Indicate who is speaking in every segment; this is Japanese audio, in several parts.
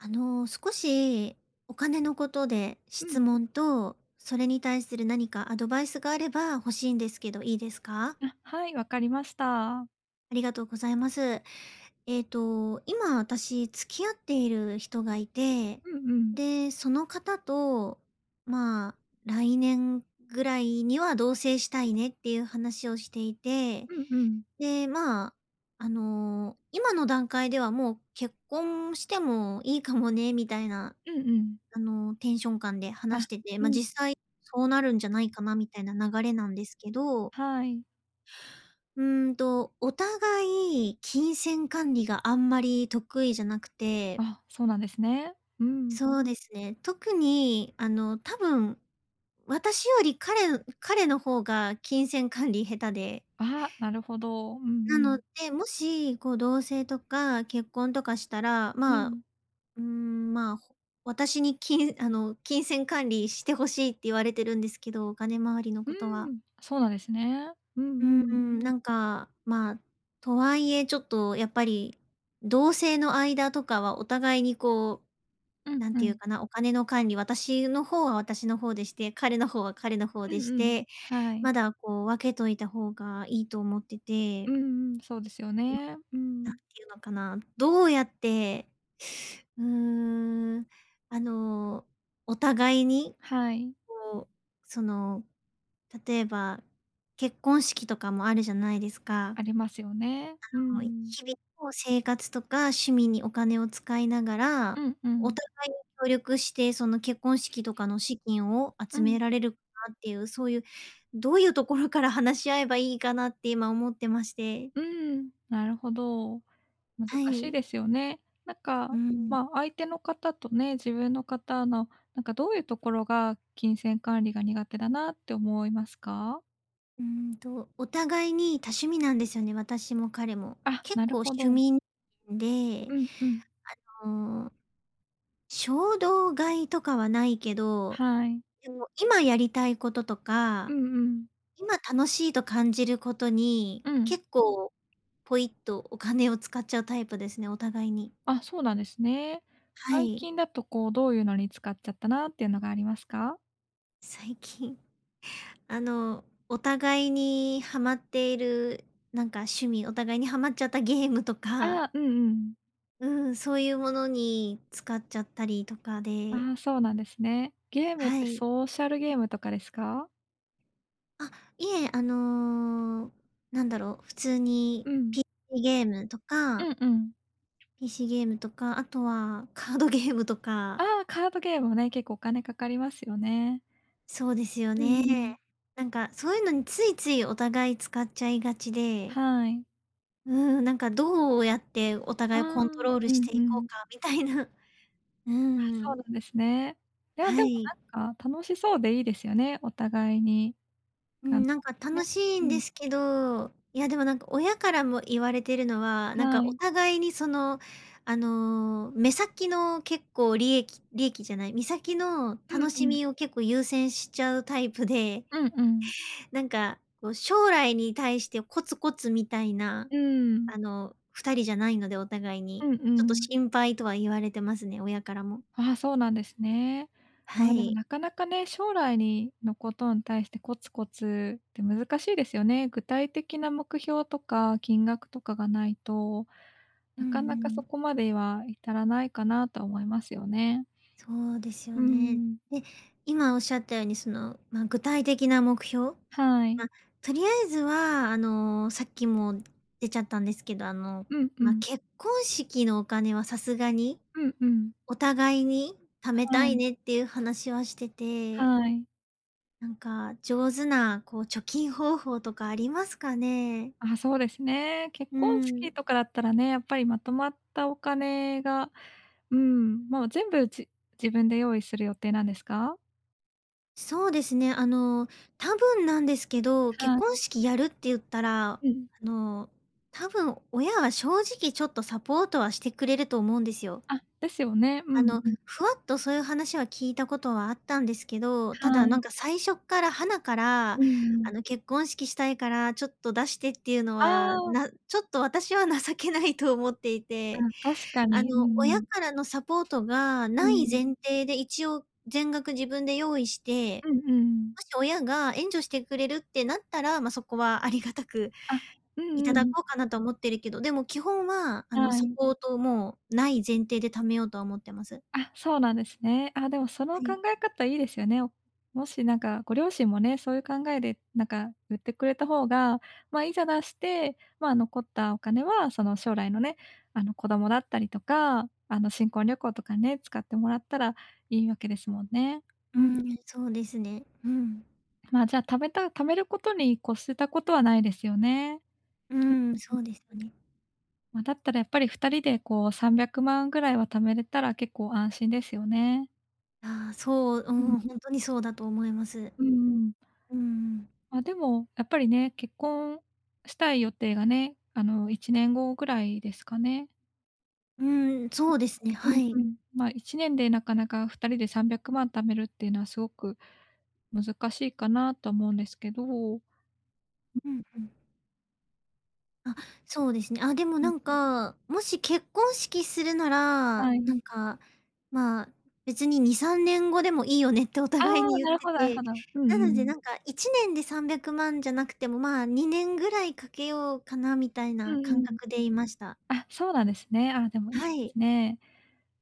Speaker 1: あの、少しお金のことで
Speaker 2: う
Speaker 1: 質
Speaker 2: ん。
Speaker 1: 問と、それに対する何かアドバイスがあれば欲しいんですけど、いいですか？
Speaker 2: あ、はい、わかりました。
Speaker 1: ありがとうございます。えっと、今私付き合っている人がいて、
Speaker 2: うんうん。
Speaker 1: で、その方と、ま「来年ぐらいには同棲したいね」っていう話をしていて、
Speaker 2: うんうん。
Speaker 1: で、ま、あの今の段階では「もう結婚してもいいかもね」みたいな、
Speaker 2: うんうん。
Speaker 1: あのテンション感で話し
Speaker 2: あ、
Speaker 1: てて、
Speaker 2: う
Speaker 1: ま、
Speaker 2: ん。
Speaker 1: 実際そうなるんじゃないかなみたいな流れなんですけど。
Speaker 2: はい。
Speaker 1: うーんと、お互い金銭管理があんまり得意じゃなくて
Speaker 2: あ、そうなんですね。うん。
Speaker 1: そうですね。特にあの多分私より彼彼の方が金銭管理下手で
Speaker 2: あ、なるほど。うんう
Speaker 1: なの
Speaker 2: ん。
Speaker 1: で、もし、こう同棲とか結婚とかしたら、
Speaker 2: う
Speaker 1: まあ、
Speaker 2: ん。
Speaker 1: うん、ま、私にきんあの「金銭管理して欲しい」って言われてるんですけど、お金周りの
Speaker 2: う
Speaker 1: ことは。
Speaker 2: ん、そうなんですね。う
Speaker 1: う
Speaker 2: んうん。
Speaker 1: ん、なんか、ま、とはいえ、ちょっとやっぱり同棲の間とかはお互いにこう、
Speaker 2: うん
Speaker 1: 何
Speaker 2: う
Speaker 1: て言う
Speaker 2: ん。
Speaker 1: かな、お金の管理、私の方は私の方でして、彼の方は彼の方
Speaker 2: うん
Speaker 1: でし
Speaker 2: うん、
Speaker 1: て、
Speaker 2: はい。
Speaker 1: まだこう分けといた方がいいと思ってて。
Speaker 2: うんうん、そうですよ
Speaker 1: うん。
Speaker 2: ね。う
Speaker 1: 何
Speaker 2: ん。
Speaker 1: て言うのかな、どうやって、うーん、あの、お互いに、
Speaker 2: はい。
Speaker 1: こう、その例えば、結婚式とかもあるじゃないですか。
Speaker 2: ありますよね。う ん。
Speaker 1: 日々の生活とか趣味にお金を使いなが
Speaker 2: う
Speaker 1: ら、
Speaker 2: んう
Speaker 1: お
Speaker 2: ん。
Speaker 1: 互い協力してその結婚式とかの資金を
Speaker 2: う
Speaker 1: 集
Speaker 2: ん。
Speaker 1: められるかなっていう、そういうどういうところから話し合えばいいかなって今思ってまして。
Speaker 2: うん、なるほど。難
Speaker 1: は
Speaker 2: しい
Speaker 1: い。
Speaker 2: ですよね。なん
Speaker 1: う
Speaker 2: か、
Speaker 1: ん。
Speaker 2: ま、相手の方とね、自分の方の、なんかどういうところが金銭管理が苦手だなって思いますか？
Speaker 1: うんと、お互いに多趣味なんですよね、私も彼も。
Speaker 2: あ、
Speaker 1: 結
Speaker 2: なる
Speaker 1: 構
Speaker 2: ほ
Speaker 1: 趣
Speaker 2: ど。
Speaker 1: 味ん、んで、
Speaker 2: うんうん。
Speaker 1: あの、衝動買いとかはないけど、
Speaker 2: はい。
Speaker 1: でも今やりたいことと
Speaker 2: う
Speaker 1: か、
Speaker 2: んうん。
Speaker 1: 今楽しいと感じることに、
Speaker 2: うん。
Speaker 1: 結構ポイっとお金を使っちゃうタイプですね、お互いに。
Speaker 2: あ、そうなんですね。
Speaker 1: は
Speaker 2: 最
Speaker 1: い。
Speaker 2: 近だと、こう、どういうのに使っちゃったなっていうのがありますか？
Speaker 1: 最近、あの、お互いにハマっている、なんか趣味、お互いにハマっちゃったゲームとか
Speaker 2: ああ、うんうん。
Speaker 1: うん、そういうものに使っちゃったりとかで
Speaker 2: ああ、そうなんですね。ゲームっ
Speaker 1: は
Speaker 2: て、
Speaker 1: い。
Speaker 2: ソーシャルゲームとかですか？
Speaker 1: あ、いえ、あの、なんだろう、普通に
Speaker 2: うん。
Speaker 1: ピ、イゲームと
Speaker 2: う
Speaker 1: か
Speaker 2: んうん。
Speaker 1: PC ゲームとか、あとはカードゲームとか。
Speaker 2: ああ、カードゲームもね、結構お金かかりますよね。
Speaker 1: そうですよ
Speaker 2: うん
Speaker 1: ね。
Speaker 2: うん。
Speaker 1: なんかそういうのについついお互い使っちゃいがちで
Speaker 2: はい。
Speaker 1: うん、なんか、どうやってお
Speaker 2: ああ、
Speaker 1: 互いをコントロール
Speaker 2: う
Speaker 1: し
Speaker 2: ん
Speaker 1: て
Speaker 2: う
Speaker 1: いこ
Speaker 2: ん。
Speaker 1: うかみたいなう
Speaker 2: あ、そうな
Speaker 1: ん。
Speaker 2: んですね。いや、で
Speaker 1: は
Speaker 2: も
Speaker 1: い。
Speaker 2: なんか楽しそうでいいですよね、お互いに。
Speaker 1: う
Speaker 2: あ
Speaker 1: ん、
Speaker 2: の
Speaker 1: なんか
Speaker 2: ね、
Speaker 1: 楽しい
Speaker 2: う
Speaker 1: んで
Speaker 2: ん。
Speaker 1: すけど、いや、でもなんか、親からも言われてるのは、なん
Speaker 2: は
Speaker 1: か、お
Speaker 2: い。
Speaker 1: 互いにその、あの、目先の結構、利益利益じゃない、目先の
Speaker 2: うん
Speaker 1: 楽し
Speaker 2: うん。
Speaker 1: みを結構優先しちゃうタイプで
Speaker 2: うんうん。
Speaker 1: なんか、こう、将来に対してコツコツみたいな、
Speaker 2: うーん。
Speaker 1: あの、2人じゃないので、お互い
Speaker 2: う
Speaker 1: に、
Speaker 2: んう
Speaker 1: ちょっと
Speaker 2: ん。
Speaker 1: 心配とは言われてますね、親からも。
Speaker 2: ああ、そうなんですね。
Speaker 1: は
Speaker 2: まあ、でも
Speaker 1: い。
Speaker 2: なかなかね、将来にの、ことに対してコツコツって難しいですよね。具体的な目標とか金額とかがないと、
Speaker 1: うん
Speaker 2: なかなか
Speaker 1: う
Speaker 2: そ
Speaker 1: ん。
Speaker 2: こまでは至らないかなと思いますよね。
Speaker 1: そうですよ
Speaker 2: う
Speaker 1: ね。
Speaker 2: ん。
Speaker 1: で、今おっしゃったように、その、ま、具体的な目標
Speaker 2: はい。
Speaker 1: ま、とりあえずは、あの、さっきも出ちゃったんですけど、あの、
Speaker 2: うんう
Speaker 1: ま、
Speaker 2: ん。
Speaker 1: 結婚式のお金はさすがに、
Speaker 2: うんうん。
Speaker 1: お互いに貯めた
Speaker 2: は
Speaker 1: い
Speaker 2: い。
Speaker 1: ねっていう話はしてて
Speaker 2: はい。
Speaker 1: なんか、上手なこう貯金方法とかありますかね？
Speaker 2: あ、そうですね。結
Speaker 1: う
Speaker 2: 婚式
Speaker 1: ん。
Speaker 2: とかだったらね、やっぱりまとまったお金がうん。もう全部、じ自分で用意する予定なんですか？
Speaker 1: そうですね。あの、多分なんですけど、結
Speaker 2: は
Speaker 1: 婚
Speaker 2: い。
Speaker 1: 式やるって言ったら、あ
Speaker 2: うん。
Speaker 1: の、多分親は正直ちょっとサポートはしてくれると思うんですよ。
Speaker 2: あ、ですよね。う
Speaker 1: あ
Speaker 2: ん
Speaker 1: の、
Speaker 2: うん。
Speaker 1: ふわっとそういう話は聞いたことはあったんですけど、た
Speaker 2: は
Speaker 1: だ、なん
Speaker 2: い。
Speaker 1: か、最初っから、はなから、あ
Speaker 2: うん。
Speaker 1: の、結婚式したいからちょっと出してっていうの
Speaker 2: あ
Speaker 1: は、
Speaker 2: あ。
Speaker 1: なちょっと私は情けないと思っていて、
Speaker 2: あ、確か
Speaker 1: あの、
Speaker 2: に。うんう
Speaker 1: 親
Speaker 2: ん。
Speaker 1: からのサポートが
Speaker 2: う
Speaker 1: 無い
Speaker 2: ん。
Speaker 1: 前提で、一応全額自分で用意して、
Speaker 2: うんうん。
Speaker 1: もし、親が援助してくれるってなったら、ま、そこは有り難く、
Speaker 2: あ、うんう
Speaker 1: 頂
Speaker 2: ん。
Speaker 1: こうかなとは思ってるけど、でも、基本は、あの、
Speaker 2: は
Speaker 1: サ
Speaker 2: い。
Speaker 1: ポートも無い前提で貯めようとは思ってます。
Speaker 2: あ、そうなんですね。あ、でも、その
Speaker 1: は
Speaker 2: 考
Speaker 1: い。
Speaker 2: え方いいですよね。もし、なんか、ご両親もね、そういう考えで、なんか、ゆってくれた方が、ま、いざ出して、ま、残ったお金は、その、将来のね、あの、子供だったりとか、あの、新婚旅行とかね、使ってもらったらいいわけですもんね。
Speaker 1: う
Speaker 2: うん。
Speaker 1: ん、そうですね。うん。
Speaker 2: ま、じゃ、たべた貯めることに越したことはないですよね。
Speaker 1: う
Speaker 2: うん
Speaker 1: ん、
Speaker 2: う
Speaker 1: そ
Speaker 2: ん。
Speaker 1: うですね。
Speaker 2: ま、だったらやっぱり二人でこう、300万ぐらいは貯めれたら結構安心ですよね。
Speaker 1: あ、そう、う
Speaker 2: うん。
Speaker 1: ん、ほんとにそうだと思います。
Speaker 2: うんうん。
Speaker 1: うんうん。
Speaker 2: あ、でも、やっぱりね、結婚したい予定がね、あの、1年後ぐらいですかね？
Speaker 1: うん、そうですね、
Speaker 2: う
Speaker 1: は
Speaker 2: ん
Speaker 1: い。
Speaker 2: うん。ま、1年でなかなか二人で300万貯めるっていうのは、すごく難しいかなと思うんですけど。
Speaker 1: うんうん。あ、
Speaker 2: うん。
Speaker 1: そうですね。あ、でも
Speaker 2: う
Speaker 1: な
Speaker 2: ん。
Speaker 1: んか、もし結婚式するなら、
Speaker 2: は
Speaker 1: な
Speaker 2: い。
Speaker 1: んか、ま「別に2、3年後でもいいよね」ってお
Speaker 2: あ、
Speaker 1: 互いに言っ
Speaker 2: なるほ
Speaker 1: て
Speaker 2: どなるほ
Speaker 1: て、
Speaker 2: ど。う
Speaker 1: な
Speaker 2: んう
Speaker 1: ので
Speaker 2: ん。
Speaker 1: なんか1年で300万じゃなくても、ま、2年ぐらいかけようかな？みたい
Speaker 2: う
Speaker 1: な
Speaker 2: んう
Speaker 1: 感
Speaker 2: ん。
Speaker 1: 覚でいました。
Speaker 2: あ、そうなんですね。あ、でも、いい
Speaker 1: はい。
Speaker 2: ね。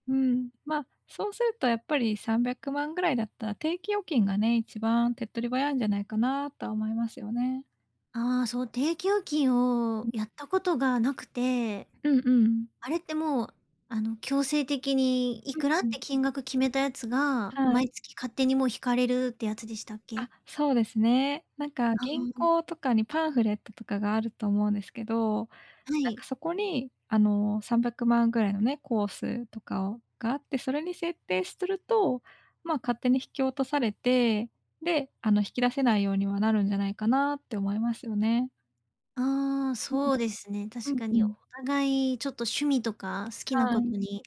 Speaker 2: うん、ま、そうするとやっぱり300万ぐらいだったら、定期預金がね、一番手っ取り早いんじゃないかなとは思いますよね。
Speaker 1: あ、そう、定期預金
Speaker 2: う
Speaker 1: を
Speaker 2: ん。
Speaker 1: やったことがなくて。
Speaker 2: うんうん。
Speaker 1: あれってもう、あの、強制的にいくら
Speaker 2: う
Speaker 1: っ
Speaker 2: ん、う
Speaker 1: て
Speaker 2: ん。
Speaker 1: 金額決めたやつが、
Speaker 2: は
Speaker 1: 毎
Speaker 2: い。
Speaker 1: 月勝手にもう引かれるってやつでしたっけ？
Speaker 2: あ、そうですね。なんか
Speaker 1: あ
Speaker 2: 銀
Speaker 1: あ。
Speaker 2: 行とかにパンフレットとかがあると思うんですけど、
Speaker 1: は
Speaker 2: なんか
Speaker 1: い。
Speaker 2: そこに、あの、300万ぐらいのね、コースとかをがあって、それに設定しすると、ま、勝手に引き落とされて、で、あの、引き出せないようにはなるんじゃないかな？って思いますよね。
Speaker 1: ああ、
Speaker 2: うん。
Speaker 1: そうですね、
Speaker 2: う
Speaker 1: 確
Speaker 2: ん、
Speaker 1: か
Speaker 2: う
Speaker 1: に。お
Speaker 2: ん。
Speaker 1: 互いちょっと、趣味とか好きな
Speaker 2: は
Speaker 1: こと
Speaker 2: い。
Speaker 1: に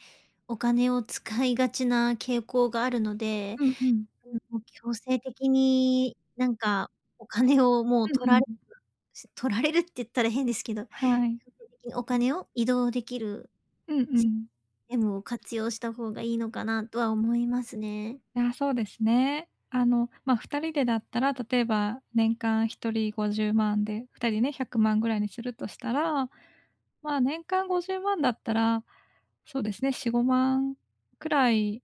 Speaker 1: お金を使いがちな傾向があるので。
Speaker 2: うんうん。
Speaker 1: うん、もう強制的になんか、お金をもう
Speaker 2: うんう
Speaker 1: 取られ
Speaker 2: ん
Speaker 1: る、
Speaker 2: うん。
Speaker 1: し取られるって言ったら変ですけど。強
Speaker 2: はい。
Speaker 1: 制的にお金を移動できる
Speaker 2: うんう
Speaker 1: シス
Speaker 2: ん。
Speaker 1: テムを活用した方がいいのかな、とは思いますね。
Speaker 2: あ、そうですね。あの、ま、2人でだったら、例えば年間1人50万で、2人ね、100万ぐらいにするとしたら、まあ、年間50万だったら、そうですね、4、5万くらい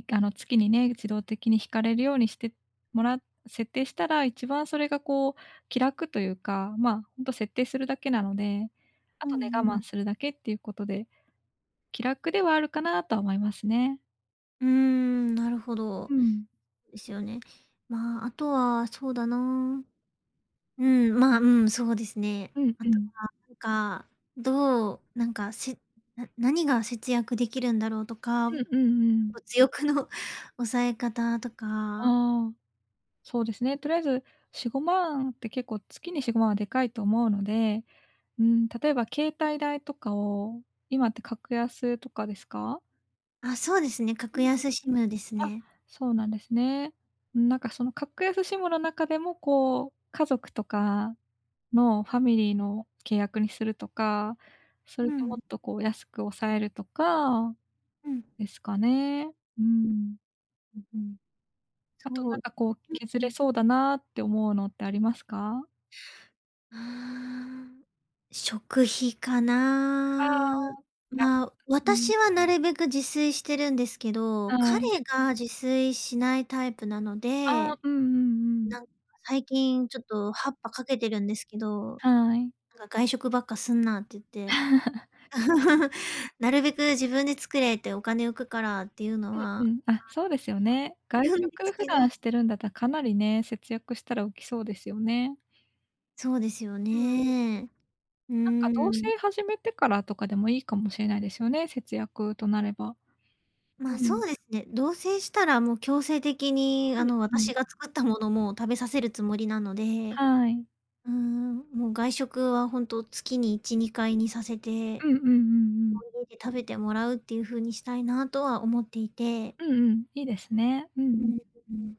Speaker 2: い、あの、月にね、自動的に引かれるようにしてもら設定したら、一番それがこう気楽というか。ま、本当設定するだけなので。あ
Speaker 1: う
Speaker 2: とね、
Speaker 1: ん
Speaker 2: 我
Speaker 1: う
Speaker 2: 慢
Speaker 1: ん。
Speaker 2: するだけっていうことで、気楽ではあるかなとは思いますね。
Speaker 1: うん、なるほ
Speaker 2: う
Speaker 1: ど。
Speaker 2: ん。
Speaker 1: ですよね。ま、あとはそうだな。うん、ま、うん、そうですね。
Speaker 2: うん
Speaker 1: あ
Speaker 2: う
Speaker 1: と
Speaker 2: ん。
Speaker 1: はなんか、どうなんか、しな何が節約できるんだろうとか。
Speaker 2: うんうんうん。
Speaker 1: 物欲の抑え方とか。
Speaker 2: ああ、そうですね。とりあえず4、5万って、結構月に4、5万はでかいと思うので。ん、例えば携帯代とかを今って格安とかですか？
Speaker 1: あ、そうですね。格安シムで す
Speaker 2: あ、
Speaker 1: ね。
Speaker 2: そうなんですね。うん、なんかその格安シムの中でもこう、家族とかのファミリーの契約にするとか。それ
Speaker 1: う
Speaker 2: でも
Speaker 1: ん。
Speaker 2: っとこう、安く抑えるとか
Speaker 1: うん。
Speaker 2: ですかね。う ん。
Speaker 1: うんうん。
Speaker 2: あと
Speaker 1: そ
Speaker 2: な
Speaker 1: う。
Speaker 2: んかこう、削
Speaker 1: うんう
Speaker 2: れ
Speaker 1: ん。
Speaker 2: そうだなって思うのってありますか？
Speaker 1: ああ。食費か
Speaker 2: あ
Speaker 1: な。
Speaker 2: あ。安
Speaker 1: まあ、
Speaker 2: く、うん。
Speaker 1: 私はなるべく自炊してるんですけど、
Speaker 2: あ
Speaker 1: 彼
Speaker 2: い。
Speaker 1: が自炊しないタイプなの
Speaker 2: ああ。
Speaker 1: で。
Speaker 2: うんうんうんうん。
Speaker 1: なんか、最近ちょっと発破かけてるんですけど。
Speaker 2: はい。
Speaker 1: なんか「外食ばっかすんな」って言って。「なるべく自分で作れ」って、「お金浮くから」っていうのは、ま
Speaker 2: うん
Speaker 1: あ、
Speaker 2: うん。あ、そうですよね。
Speaker 1: 一
Speaker 2: 外
Speaker 1: 応言うんで
Speaker 2: 食
Speaker 1: す
Speaker 2: 普
Speaker 1: けど。
Speaker 2: 段してるんだったら、かなりね、節約したら大きそうですよね。
Speaker 1: そうですよ
Speaker 2: うん。
Speaker 1: ね。う
Speaker 2: なんか同
Speaker 1: ーん。
Speaker 2: 棲始めてからとかでも、いいかもしれないですよね、節約となれば。う
Speaker 1: ま、そ
Speaker 2: ん。
Speaker 1: うですね、同棲したらもう強制的に、あの、
Speaker 2: うんう
Speaker 1: 私
Speaker 2: ん。
Speaker 1: が作ったもの、もう食べさせるつもりなので、
Speaker 2: はい。
Speaker 1: うーん。もう外食は本当、月に1、2回にさせて、
Speaker 2: うんうんうんうん。
Speaker 1: 食べてもらうっていう風にしたいなとは思っていて。
Speaker 2: うんうん、いいですね。うんう
Speaker 1: う
Speaker 2: ん。
Speaker 1: ん、うん。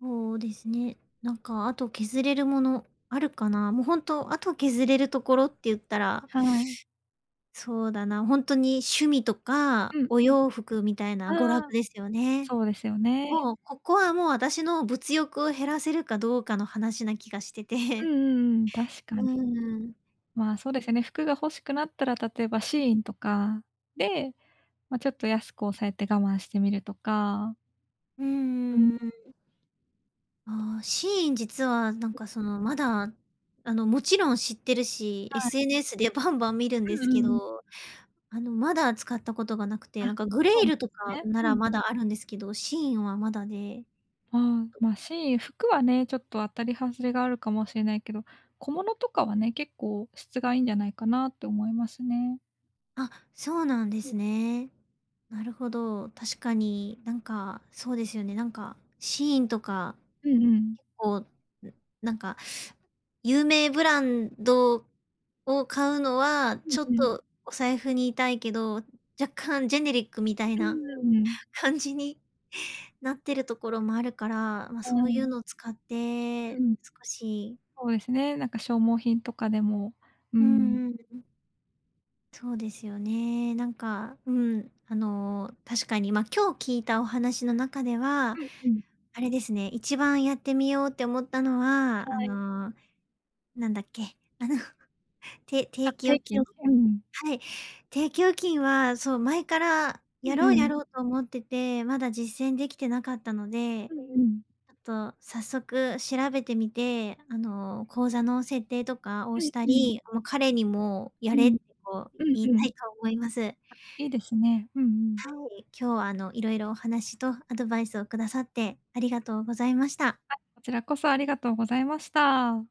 Speaker 1: そうですね。なんかあと削れるものあるかな？もうほんとあと削れるところって言ったら
Speaker 2: はい。
Speaker 1: そうだな、ほんとに趣味と
Speaker 2: う
Speaker 1: か
Speaker 2: ん。
Speaker 1: お洋服みたい
Speaker 2: あ
Speaker 1: な娯楽
Speaker 2: あ、
Speaker 1: ですよね。
Speaker 2: そうですよね。
Speaker 1: もう、ここはもう私の物欲を減らせるかどうかの話な気がして
Speaker 2: うん
Speaker 1: て。
Speaker 2: うんうん、確か
Speaker 1: う
Speaker 2: に。
Speaker 1: ーん。
Speaker 2: ま、そうですね、服が欲しくなったら、例えば、SHEIN とかで、ま、ちょっと安く抑えて我慢してみるとか。
Speaker 1: う
Speaker 2: うん。
Speaker 1: んうん、うーん。ああ、SHEIN 実はなんか、その、まだ、あの、もちろん知ってるし、
Speaker 2: はい。
Speaker 1: SNS で、や、バンバン見るん
Speaker 2: う
Speaker 1: で
Speaker 2: んう
Speaker 1: すけ
Speaker 2: んうん。
Speaker 1: ど、あの、まだ使ったことがなくて
Speaker 2: あ、
Speaker 1: なんか、グ
Speaker 2: そ
Speaker 1: レ
Speaker 2: う
Speaker 1: イ
Speaker 2: なん
Speaker 1: ルとか
Speaker 2: ね。
Speaker 1: な
Speaker 2: う
Speaker 1: ら
Speaker 2: ん。
Speaker 1: まだあるんですけど、SHEIN はまだで。
Speaker 2: ああ、ま、SHEIN、服はね、ちょっと当たり外れがあるかもしれないけど、小物とかはね、結構質がいいんじゃないかなって思いますね。
Speaker 1: あ、そうなんで
Speaker 2: うん。
Speaker 1: すね。なるほど。確かになんかそうですよね。なんか SHEIN とか、
Speaker 2: うんうん。
Speaker 1: 結構なんか有名ブランドを買うのは
Speaker 2: う
Speaker 1: ち
Speaker 2: ん
Speaker 1: ょ
Speaker 2: う
Speaker 1: っ
Speaker 2: ん。
Speaker 1: とお財布に痛いけど、若干ジェネリックみたい
Speaker 2: う
Speaker 1: な
Speaker 2: ーん。
Speaker 1: 感じになってるところもあるから、ま、
Speaker 2: は
Speaker 1: そうい
Speaker 2: い。
Speaker 1: うのを使って
Speaker 2: うん。
Speaker 1: 少し
Speaker 2: そうですね、なんか消耗品とかでも、う
Speaker 1: う
Speaker 2: ん。
Speaker 1: んうんうん。そうですよね。なんか、うん、あの確かに、ま、今日聞いたお話の中では、
Speaker 2: うんうん。
Speaker 1: あれですね、一番やってみようって思ったのは、あ
Speaker 2: はい。
Speaker 1: のなんだっけ、あの、て
Speaker 2: あ、
Speaker 1: 定期
Speaker 2: 定
Speaker 1: 預
Speaker 2: 期
Speaker 1: 金？
Speaker 2: 預金。
Speaker 1: はい。定期預金は、そう前から、
Speaker 2: う
Speaker 1: やろうや
Speaker 2: ん。
Speaker 1: ろうと思ってて、まだ実践できてなかったので、
Speaker 2: うんうん。
Speaker 1: あと早速調べてみて、あの口座の設定とかを
Speaker 2: う
Speaker 1: し
Speaker 2: ん
Speaker 1: た
Speaker 2: うん。
Speaker 1: り、もう彼にもや
Speaker 2: う
Speaker 1: れっ
Speaker 2: ん、
Speaker 1: てこう
Speaker 2: ｑ う
Speaker 1: 言い
Speaker 2: んう
Speaker 1: た
Speaker 2: ん。
Speaker 1: いと思います。
Speaker 2: いいですね。うんうん。
Speaker 1: はい、今日はあのいろいろお話とアドバイスをくださってありがとうございました。
Speaker 2: はい、こちらこそありがとうございました。